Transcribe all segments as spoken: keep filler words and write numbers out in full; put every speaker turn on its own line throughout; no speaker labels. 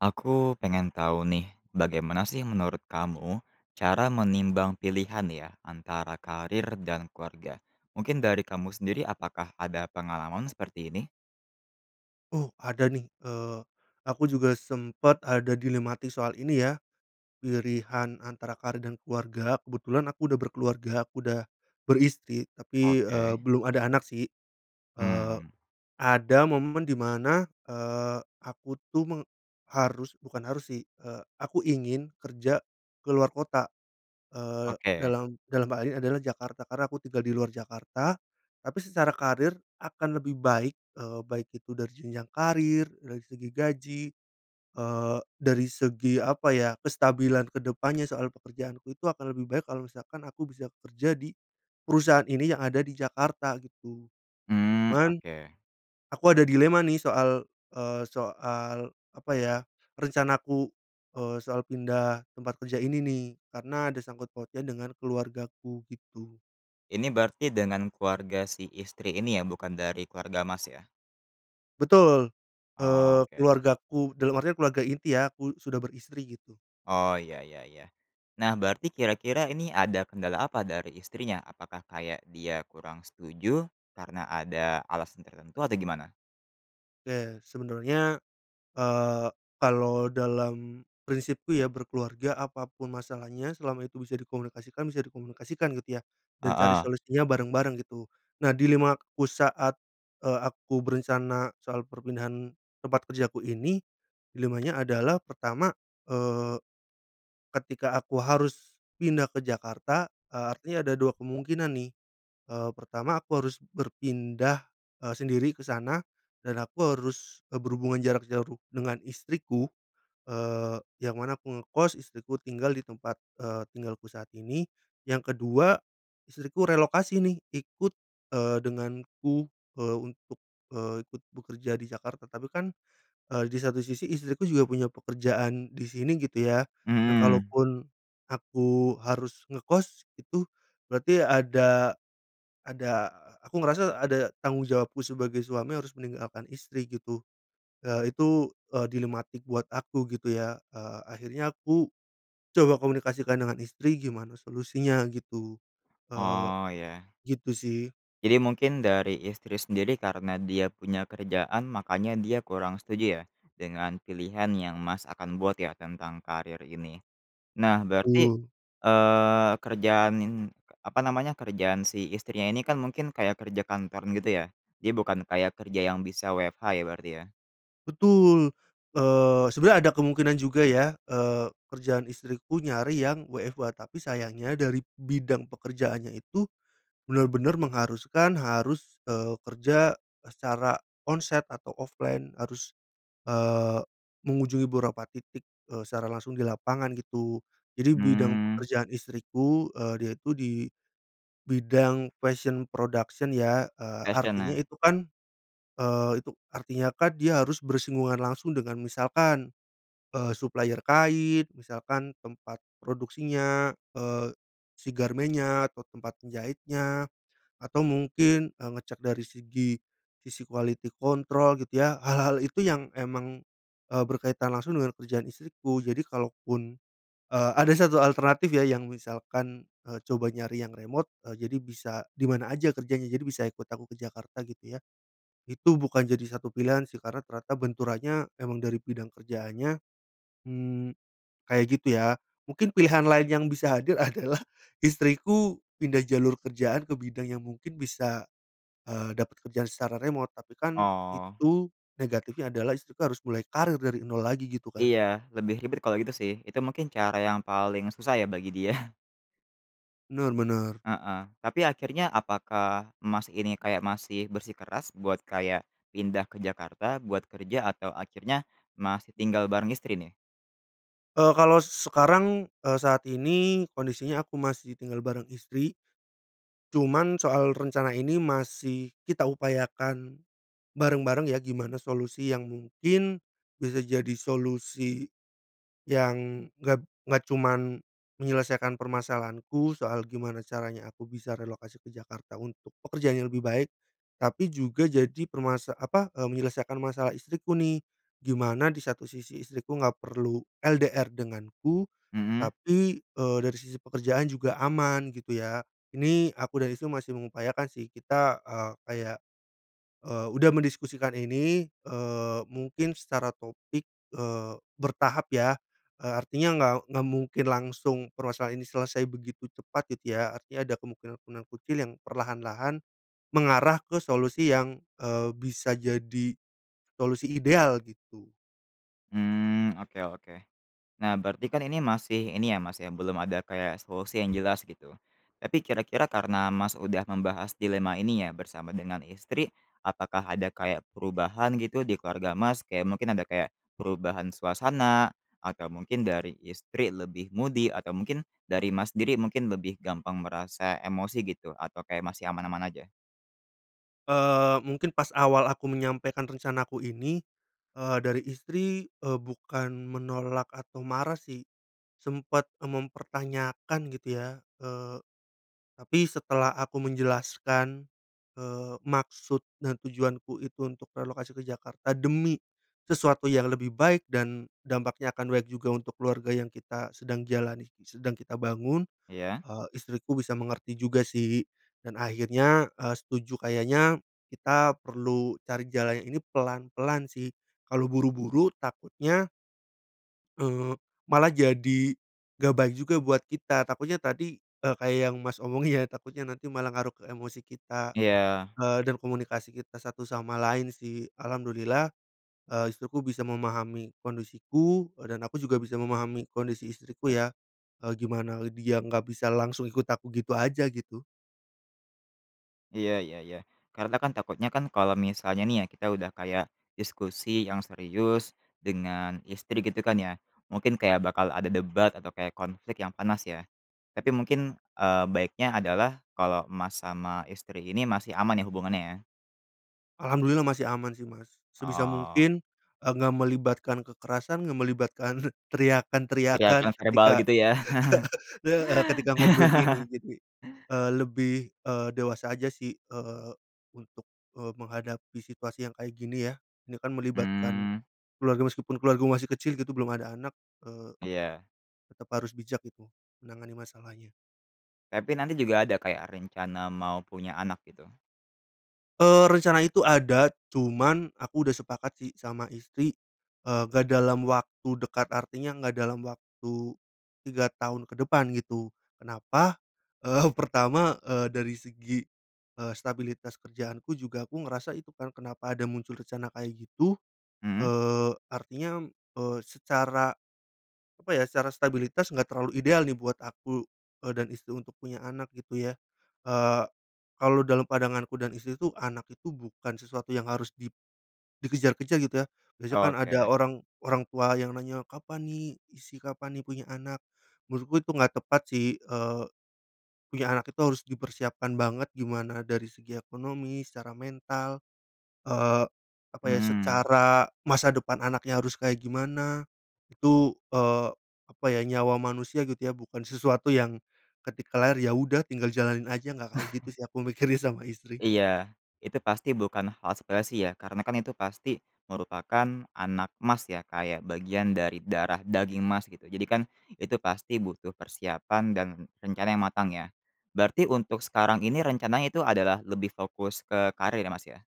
Aku pengen tahu nih, bagaimana sih menurut kamu cara menimbang pilihan ya antara karir dan keluarga. Mungkin dari kamu sendiri apakah ada pengalaman seperti ini?
Oh, ada nih. Eee, aku juga sempet ada dilematis soal ini ya, pirihan antara karir dan keluarga, kebetulan aku udah berkeluarga, aku udah beristri tapi, eee,
Oke.
belum ada anak sih. Eee,
Hmm.
ada momen di mana, eee, aku tuh meng harus, bukan harus sih, eee, aku ingin kerja keluar kota. Eee,
Oke.
dalam dalam hal ini adalah Jakarta, karena aku tinggal di luar Jakarta. Tapi secara karir akan lebih baik, eee, baik itu dari jenjang karir, dari segi gaji, eee, dari segi apa ya kestabilan ke depannya soal pekerjaanku itu akan lebih baik kalau misalkan aku bisa kerja di perusahaan ini yang ada di Jakarta, gitu.
Mmm,
Cuman
oke.
aku ada dilema nih soal, eee, soal apa ya rencanaku, eee, soal pindah tempat kerja ini nih, karena ada sangkut pautnya dengan keluargaku, gitu.
Ini berarti dengan keluarga si istri ini ya, bukan dari keluarga Mas ya?
Betul,
Oh,
eee,
oke.
keluargaku, dalam artian keluarga inti ya, aku sudah beristri gitu.
Oh, ya ya ya. Nah, berarti kira-kira ini ada kendala apa dari istrinya, apakah kayak dia kurang setuju karena ada alasan tertentu atau gimana?
Ya sebenarnya, eee, kalau dalam prinsipku ya berkeluarga apa pun masalahnya selama itu bisa dikomunikasikan, bisa dikomunikasikan gitu ya
Ah
dan cari
hah.
solusinya bareng-bareng, gitu. Nah dilemaku saat, eee, aku berencana soal perpindahan tempat kerjaku ini, dilemanya adalah pertama, eee, ketika aku harus pindah ke Jakarta, eee, artinya ada dua kemungkinan nih, eee, pertama aku harus berpindah, eee, sendiri ke sana dan aku harus, eee, berhubungan jarak jauh dengan istriku, eee, yang mana aku ngekos istriku tinggal di tempat, eee, tinggalku saat ini. Yang kedua istriku relokasi nih ikut, eee, denganku, eee, untuk, eee, ikut bekerja di Jakarta tapi kan, eee, di satu sisi istriku juga punya pekerjaan di sini gitu ya, nah
Mmm.
kalaupun aku harus ngekos itu berarti ada, ada aku ngerasa ada tanggung jawabku sebagai suami harus meninggalkan istri, gitu. Ya itu, eee, dilematik buat aku gitu ya. Eee, akhirnya aku coba komunikasikan dengan istri gimana solusinya gitu, eee,
Oh, ya.
gitu sih.
Jadi mungkin dari istri sendiri karena dia punya kerjaan makanya dia kurang setuju ya, dengan pilihan yang Mas akan buat ya tentang karir ini? Nah berarti,
Betul.
eee, kerjaan n apa namanya kerjaan si istrinya ini kan mungkin kayak kerja kantoran gitu ya. Dia bukan kayak kerja yang bisa WFH ya berarti ya?
Betul, eee, sebenarnya ada kemungkinan juga ya, eee, kerjaan istriku nyari yang WFH, tapi sayangnya dari bidang pekerjaannya itu benar-benar mengharuskan harus, eee, kerja secara on site atau offline harus, eee, mengunjungi beberapa titik, eee, secara langsung di lapangan gitu jadi bidang
Hmm.
pekerjaan istriku, eee, dia itu di bidang fashion production ya, eee, artinya
Fashion-nya
itu kan, eee, itu artinya kan dia harus bersinggungan langsung dengan misalkan, eee, supplier kain misalkan tempat produksinya, eee, si garmennya atau tempat penjahitnya atau mungkin, eee, ngecek dari segi sisi quality control gitu ya. Hal-hal itu yang emang, eee, berkaitan langsung dengan kerjaan istriku. Jadi kalo pun, eee, ada satu alternatif ya yang misalkan, eee, coba nyari yang remote, eee, jadi bisa di mana aja kerjanya jadi bisa ikut aku ke Jakarta, gitu ya. Itu bukan jadi satu pilihan sih karena ternyata benturannya emang dari bidang kerjaannya, mmm, kayak gitu ya. Mungkin pilihan lain yang bisa hadir adalah istriku pindah jalur kerjaan ke bidang yang mungkin bisa, eee, dapat kerjaan secara remote, tapi kan
Oh.
itu negatifnya adalah istri harus mulai karir dari nol lagi, gitu kan
Iya, lebih ribet kalau gitu sih, itu mungkin cara yang paling susah ya bagi dia?
Bener bener.
Heeh, tapi akhirnya apakah Mas ini kayak masih bersikeras buat kayak pindah ke Jakarta buat kerja atau akhirnya masih tinggal bareng istri nih?
Eee, kalau sekarang, eee, saat ini kondisinya aku masih tinggal bareng istri cuman soal rencana ini masih kita upayakan bareng-bareng ya gimana solusi yang mungkin bisa jadi solusi, yang enggak enggak cuman menyelesaikan permasalahanku soal gimana caranya aku bisa relokasi ke Jakarta untuk pekerjaan yang lebih baik, tapi juga jadi permasa apa menyelesaikan masalah istriku nih gimana di satu sisi istriku nggak perlu LDR denganku
Mhm.
tapi, eee, dari sisi pekerjaan juga aman gitu ya. Ini aku dan istriku masih mengupayakan sih kita, eee, kayak, eee, udah mendiskusikan ini, eee, mungkin secara topik, eee, bertahap ya, eee, artinya nggak nggak mungkin langsung permasalahan ini selesai begitu cepat gitu ya, artinya ada kemungkinan-kemungkinan kecil yang perlahan-lahan mengarah ke solusi yang, eee, bisa jadi solusi ideal, gitu.
Mmm, oke oke. Nah berarti kan ini masih ini ya, Mas ya, belum ada kayak solusi yang jelas gitu, tapi kira-kira karena Mas udah membahas dilema ini ya bersama dengan istri, apakah ada kayak perubahan gitu di keluarga Mas? Kayak mungkin ada kayak perubahan suasana atau mungkin dari istri lebih moody atau mungkin dari Mas sendiri mungkin lebih gampang merasa emosi gitu atau kayak masih aman-aman aja?
Eee, mungkin pas awal aku menyampaikan rencanaku ini, eee, dari istri, eee, bukan menolak atau marah sih. Sempet eee mempertanyakan gitu ya, eee, tapi setelah aku menjelaskan, eee, maksud dan tujuanku itu untuk relokasi ke Jakarta demi sesuatu yang lebih baik dan dampaknya akan baik juga untuk keluarga yang kita sedang jalani, sedang kita bangun,
Iya?
eee, istriku bisa mengerti juga sih dan akhirnya, eee, setuju kayaknya kita perlu cari jalan yang ini pelan-pelan sih. Kalau buru-buru takutnya eee malah jadi gak baik juga buat kita takutnya tadi, eee, kayak yang Mas omongin ya, takutnya nanti malah ngaruh ke emosi kita,
Iya.
eee, dan komunikasi kita satu sama lain sih, alhamdulillah, eee, istriku bisa memahami kondisiku, eee, dan aku juga bisa memahami kondisi istriku ya, eee, gimana dia nggak bisa langsung ikut aku gitu aja, gitu.
Iya iya iya. Karena kan takutnya kan kalau misalnya nih ya, kita udah kayak diskusi yang serius dengan istri gitu kan ya, mungkin kayak bakal ada debat atau kayak konflik yang panas ya, tapi mungkin, eee, baiknya adalah kalau Mas sama istri ini masih aman ya hubungannya ya?
Alhamdulillah masih aman sih Mas. Sebisa
Oh.
mungkin enggak melibatkan kekerasan, enggak melibatkan teriakan-teriakan
Teriakan verbal
ketika
gitu ya?
heeh, ketika ngobrol ini jadi, eee, lebih, eee, dewasa aja sih, eee, untuk, eee, menghadapi situasi yang kayak gini ya. Ini kan melibatkan
Mmm.
keluarga meskipun keluargaku masih kecil gitu belum ada anak, eee,
Iya.
tetap harus bijak gitu menangani masalahnya.
Tapi nanti juga ada kayak rencana mau punya anak gitu?
Eee, rencana itu ada cuman aku udah sepakat sih sama istri, eee, gak dalam waktu dekat. Artinya gak dalam waktu tiga tahun ke depan gitu. Kenapa? Eee, pertama, eee, dari segi, eee, stabilitas kerjaanku juga aku ngerasa itu kan, kenapa ada muncul rencana kayak gitu,
Mhm.
eee, artinya, eee, secara apa ya, secara stabilitas enggak terlalu ideal nih buat aku, eee, dan istri untuk punya anak gitu ya. Eee, kalau dalam pandanganku dan istri tuh, anak itu bukan sesuatu yang harus di dikejar-kejar gitu ya. Biasanya kan ada
Oke.
orang orang tua yang nanya, "Kapan nih isi, kapan nih punya anak?" menurutku itu enggak tepat sih, eee, punya anak itu harus dipersiapkan banget gimana dari segi ekonomi, secara mental, eee, apa ya,
Mhm.
secara masa depan anaknya harus kayak gimana, itu, eee, apa ya, nyawa manusia gitu ya, bukan sesuatu yang ketika lahir ya udah tinggal jalanin aja, nggak kayak gitu sih aku mikirnya sama istri.
Iya. Itu pasti bukan hal sepele sih ya, karena kan itu pasti merupakan anak Mas ya, kayak bagian dari darah daging Mas gitu, jadi kan itu pasti butuh persiapan dan rencana yang matang ya. Berarti untuk sekarang ini rencananya itu adalah lebih fokus ke karir ya Mas ya?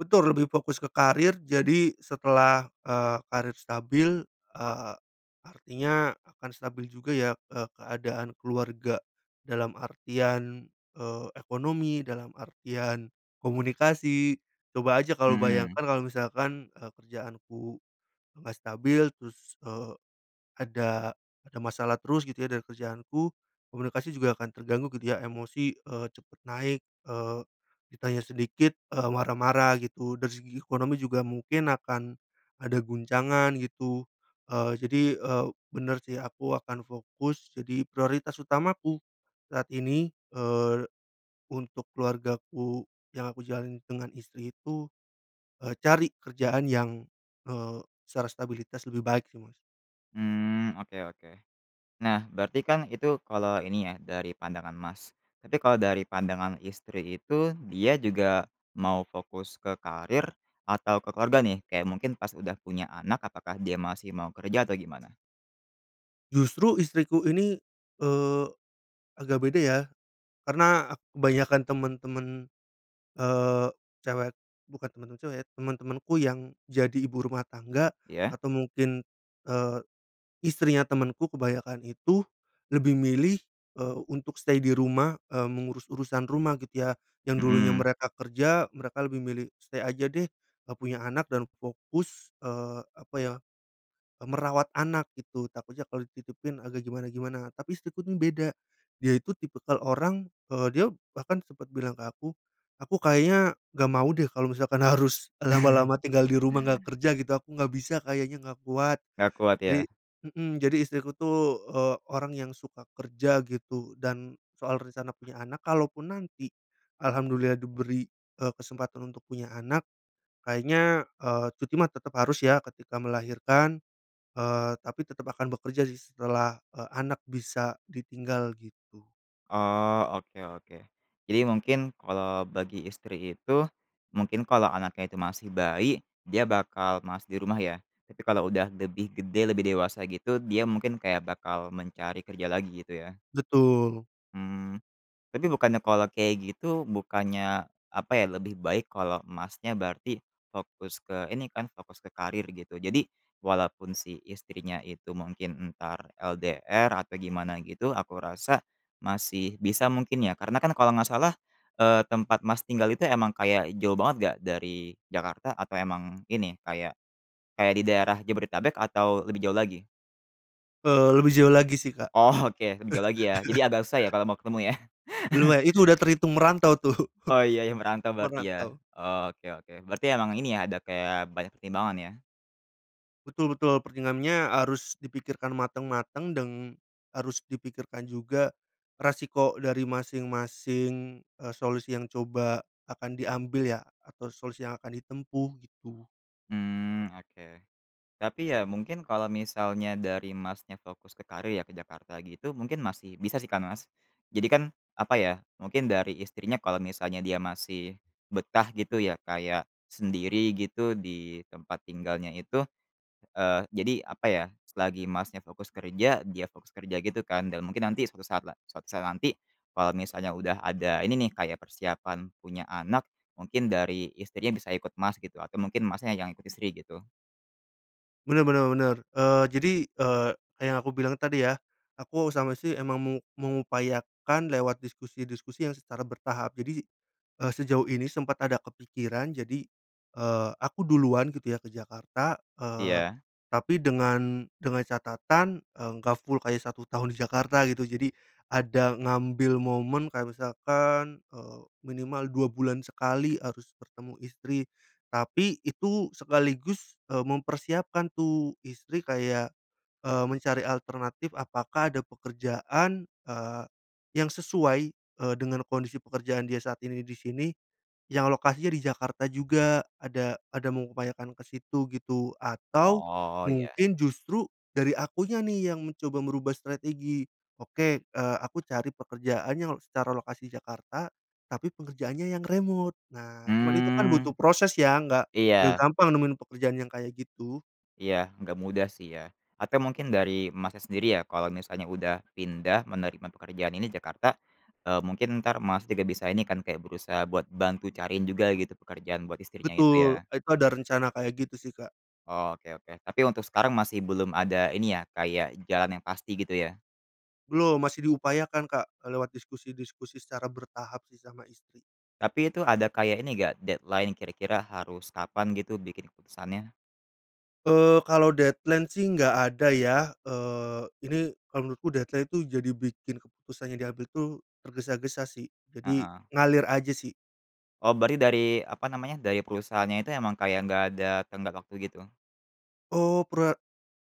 Betul lebih fokus ke karir, jadi setelah, eee, karir stabil, eee, artinya akan stabil juga ya, eee, keadaan keluarga dalam artian, eee, ekonomi, dalam artian komunikasi, coba aja kalau
Mhm.
bayangkan, kalau misalkan, eee, kerjaanku nggak stabil terus, eee, ada ada masalah terus gitu ya dari kerjaanku, komunikasi juga akan terganggu gitu ya, emosi, eee, cepet naik, eee, ditanya sedikit, eee, marah-marah gitu. Dari segi ekonomi juga mungkin akan ada guncangan gitu, eee, jadi, eee, bener sih aku akan fokus, jadi prioritas utamaku saat ini, eee, untuk keluargaku yang aku jalani dengan istri itu, eee, cari kerjaan yang, eee, secara stabilitas lebih baik sih Mas.
Mmm, oke oke. Nah berarti kan itu kalau ini ya, dari pandangan Mas, tapi kalau dari pandangan istri itu dia juga mau fokus ke karir atau ke keluarga nih? Kayak mungkin pas udah punya anak apakah dia masih mau kerja atau gimana?
Justru istriku ini, eee, agak beda ya. Karena kebanyakan temen-temen, eee, cewek bukan temen-temen cewek ya, teman-temanku yang jadi ibu rumah tangga
Iya?
atau mungkin, eee, istrinya temenku kebanyakan itu lebih milih, eee, untuk stay di rumah, eee, mengurus urusan rumah gitu ya. Yang dulunya
Heeh.
mereka kerja, mereka lebih milih stay aja deh, eee, punya anak dan fokus, eee, apa ya, e merawat anak gitu, takutnya kalau dititipin agak gimana-gimana. Tapi istriku tuh beda, dia itu tipikal orang, eee, dia bahkan sempat bilang ke aku, "Aku kayaknya gak mau deh kalau misalkan harus lama-lama tinggal di rumah gak kerja gitu, aku gak bisa kayaknya gak kuat."
Gak kuat ya?
Jadi mhm, jadi istriku tuh, eee, orang yang suka kerja gitu, dan soal rencana punya anak, kalaupun nanti alhamdulillah diberi, eee, kesempatan untuk punya anak, kayaknya, eee, cuti mah tetap harus ya ketika melahirkan, eee, tapi tetap akan bekerja sih setelah, eee, anak bisa ditinggal gitu.
Oh, oke oke. Jadi mungkin kalau bagi istri itu, mungkin kalau anaknya itu masih bayi dia bakal males di rumah ya, tapi kalau udah lebih gede lebih dewasa gitu dia mungkin kayak bakal mencari kerja lagi gitu ya?
Betul.
Mmm. Tapi bukannya kalau kayak gitu, bukannya apa ya, lebih baik kalau Masnya berarti fokus ke ini kan, fokus ke karir gitu. Jadi walaupun si istrinya itu mungkin entar LDR atau gimana gitu, aku rasa masih bisa mungkin ya? Karena kan kalau nggak salah, eee, tempat Mas tinggal itu emang kayak jauh banget gak dari Jakarta, atau emang ini, kayak, kayak di daerah Jabodetabek atau lebih jauh lagi?
Eee, lebih jauh lagi sih Kak.
Oh oke lebih jauh lagi ya. Jadi agak susah ya kalau mau ketemu ya?
Luma itu udah terhitung merantau tuh.
Oh ya ya merantau berarti ya.
Merantau.
Oke oke. Berarti emang ini ya, ada kayak banyak pertimbangan ya?
Betul betul. pertingamnya harus dipikirkan mateng-mateng deng harus dipikirkan juga resiko dari masing-masing, eee, solusi yang coba akan diambil ya, atau solusi yang akan ditempuh, gitu.
Mmm oke. Tapi ya mungkin kalau misalnya dari Mas-nya fokus ke karir ya, ke Jakarta gitu, mungkin masih bisa sih kan Mas? Jadi kan apa ya, mungkin dari istrinya kalau misalnya dia masih betah gitu ya, kayak sendiri gitu di tempat tinggalnya itu, eee, jadi apa ya, selagi Masnya fokus kerja, dia fokus kerja gitu kan, dan mungkin nanti suatu saat la suatu saat nanti kalau misalnya udah ada ini nih, kayak persiapan punya anak, mungkin dari istrinya bisa ikut Mas gitu, atau mungkin Masnya yang ikut istri gitu?
Bener bener bener. Eee, jadi, eee, yang aku bilang tadi ya, aku sama istri emang meng mengupayakan lewat diskusi-diskusi yang secara bertahap. Jadi, eee, sejauh ini sempat ada kepikiran, jadi, eee, aku duluan gitu ya ke Jakarta, eee,
Iya.
tapi dengan dengan catatan, eee, nggak full kayak satu tahun di Jakarta gitu. Jadi, ada ngambil momen kayak misalkan, eee, minimal dua bulan sekali harus bertemu istri, tapi itu sekaligus, eee, mempersiapkan tuh, istri kayak, eee, mencari alternatif apakah ada pekerjaan, eee, yang sesuai, eee, dengan kondisi pekerjaan dia saat ini di sini, yang lokasinya di Jakarta juga. Ada ada mengupayakan ke situ gitu, atau
Oh iya.
mungkin justru dari akunya nih yang mencoba merubah strategi. Oke, eee, aku cari pekerjaan yang secara lokasi Jakarta, tapi pekerjaannya yang remote. Nah, cuman itu kan butuh
Mmm.
proses ya, nggak nggak
Iya.
gampang nemuin pekerjaan yang kayak gitu.
Iya, nggak mudah sih ya. Atau mungkin dari Masnya sendiri ya, kalau misalnya udah pindah menerima pekerjaan ini Jakarta, eee, mungkin entar Mas juga bisa ini kan, kayak berusaha buat bantu cariin juga gitu pekerjaan buat istrinya itu
Betul.
ya?
Itu ada rencana kaya gitu sih Kak.
Oke oke. Tapi untuk sekarang masih belum ada ini ya, kayak jalan yang pasti gitu ya?
Belum. Masih diupayakan Kak. Lewat diskusi-diskusi secara bertahap sih sama istri.
Tapi itu ada kayak ini gak deadline kira-kira harus kapan gitu bikin keputusannya?
Eee, kalau deadline sih nggak ada ya, eee, ini kalau menurutku deadline itu jadi bikin keputusannya diambil tuh tergesa-gesa sih, jadi
Heeh.
ngalir aja sih.
Oh, berarti dari, apa namanya, dari perusahaannya itu emang kayak gak ada tenggat waktu gitu?
Oh pera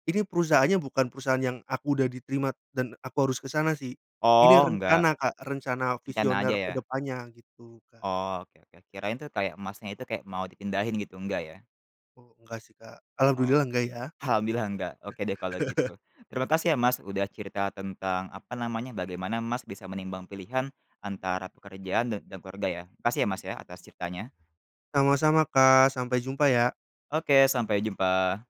ini perusahaannya bukan perusahaan yang aku udah diterima dan aku harus ke sana sih. Ini
Oh enggak.
rencana Kak, rencana
Rencana
visioner
aja
ke
ya?
depannya gitu, Kak.
Oke oke. Kirain tuh, kayak Masnya itu kayak mau dipindahin gitu, nggak ya?
Oh, enggak sih Kak,
Oh.
alhamdulillah enggak ya.
Alhamdulillah nggak. Oke deh kalau gitu. Terima kasih ya Mas udah cerita tentang apa namanya, bagaimana Mas bisa menimbang pilihan antara pekerjaan dan dan keluarga ya. Makasih ya Mas ya atas ceritanya.
Sama-sama Kak, sampai jumpa ya.
Oke, sampai jumpa.